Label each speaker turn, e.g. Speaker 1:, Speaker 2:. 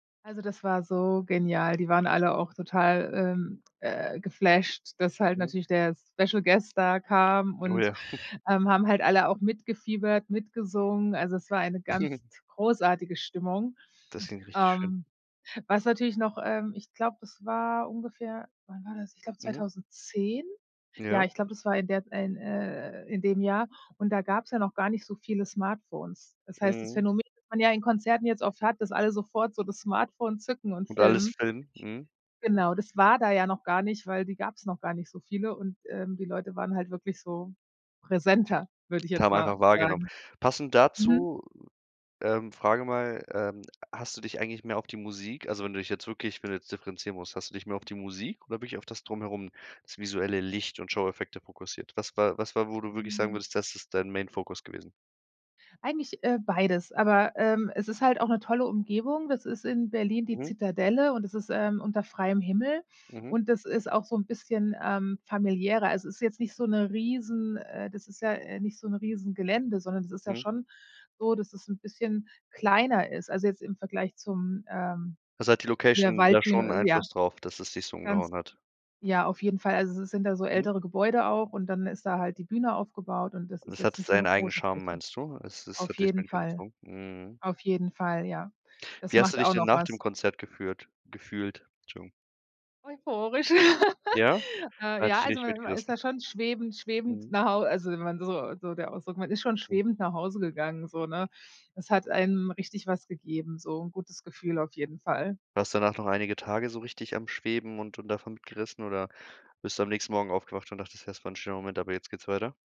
Speaker 1: Also, das war so genial. Die waren alle auch total, ähm, äh, geflasht, dass halt
Speaker 2: Mhm.
Speaker 1: natürlich der Special Guest da kam
Speaker 2: Oh,
Speaker 1: und,
Speaker 2: ja.
Speaker 1: ähm, haben halt alle auch mitgefiebert, mitgesungen. Also es war eine ganz t großartige Stimmung.
Speaker 2: Das klingt richtig schön.
Speaker 1: Ähm, was natürlich noch ähm, ich glaube, das war ungefähr wann war das, ich glaube,
Speaker 2: Mhm.
Speaker 1: 2010? Ja,
Speaker 2: Ja.
Speaker 1: ich glaube, das war in der in äh, in dem Jahr und da gab's ja noch gar nicht so viele Smartphones. Das heißt, das
Speaker 2: Mhm.
Speaker 1: Phänomen, das man ja in Konzerten jetzt oft hat, dass alle sofort so das Smartphone zücken und
Speaker 2: Und alles
Speaker 1: filmen
Speaker 2: filmen, mhm.
Speaker 1: genau, das war da ja noch gar nicht, weil die gab's noch gar nicht so viele und, ähm, die Leute waren halt wirklich so präsenter, würde ich
Speaker 2: Und
Speaker 1: jetzt
Speaker 2: haben
Speaker 1: mal
Speaker 2: einfach wahrgenommen.
Speaker 1: sagen,
Speaker 2: Passend
Speaker 1: mhm.
Speaker 2: dazu, ähm, frage mal, ähm, hast du dich eigentlich mehr auf die Musik also, wenn du dich jetzt wirklich wenn du jetzt differenzieren musst hast du dich mehr auf die Musik oder wirklich auf das Drumherum, das visuelle Licht und Showeffekte fokussiert? Was war was war, wo du wirklich sagen
Speaker 1: Hm.
Speaker 2: würdest, das ist dein Main Fokus gewesen?
Speaker 1: Eigentlich, äh, beides, aber, ähm, es ist halt auch 'ne tolle Umgebung das ist in Berlin die
Speaker 2: Mhm.
Speaker 1: Zitadelle und das ist, ähm, unter freiem Himmel
Speaker 2: Mhm.
Speaker 1: und das ist auch so 'n bisschen, ähm, familiärer. Also, es ist jetzt nicht so 'ne riesen äh, das ist ja, äh, nicht so 'n riesen Gelände, sondern es ist ja
Speaker 2: Mhm.
Speaker 1: schon so, dass es 'n bisschen kleiner ist, also jetzt im Vergleich zum ähm,
Speaker 2: Also, hat die
Speaker 1: der
Speaker 2: Location da schon 'n
Speaker 1: Waldbühne, äh, ja
Speaker 2: Einfluss darauf, dass es dich so
Speaker 1: ganz
Speaker 2: umgehauen hat?
Speaker 1: ja, auf jeden Fall. Also es sind da so
Speaker 2: Mhm.
Speaker 1: ältere Gebäude auch und dann ist da halt die Bühne aufgebaut und das
Speaker 2: Und
Speaker 1: ist
Speaker 2: es hat
Speaker 1: jetzt nicht so
Speaker 2: seinen
Speaker 1: 'ne
Speaker 2: eigenen
Speaker 1: große
Speaker 2: Charme,
Speaker 1: Fläche.
Speaker 2: meinst du? Es es
Speaker 1: Auf
Speaker 2: hat dich,
Speaker 1: jeden Fall
Speaker 2: [unintelligible] mhm.
Speaker 1: auf jeden Fall, ja. Das
Speaker 2: Wie hast du
Speaker 1: macht
Speaker 2: dich
Speaker 1: auch
Speaker 2: denn
Speaker 1: noch
Speaker 2: nach dem
Speaker 1: was.
Speaker 2: Konzert geführt gefühlt? Entschuldigung.
Speaker 1: Euphorisch.
Speaker 2: Ja? Er
Speaker 1: Äh,
Speaker 2: hat
Speaker 1: ja,
Speaker 2: dich
Speaker 1: also
Speaker 2: richtig
Speaker 1: man man ist
Speaker 2: mitgerissen.
Speaker 1: da schon schwebend schwebend
Speaker 2: Mhm.
Speaker 1: nach Hau äh, also wenn man so so der Ausdruck man ist schon
Speaker 2: Mhm.
Speaker 1: schwebend nach Hause gegangen, so, ne? Es hat einem richtig was gegeben, so 'n gutes Gefühl auf jeden Fall.
Speaker 2: Warst du danach noch einige Tage so richtig am Schweben und und davon mitgerissen oder bist du am nächsten Morgen aufgewacht und dachtest, das war 'n schöner Moment, aber jetzt geht's weiter?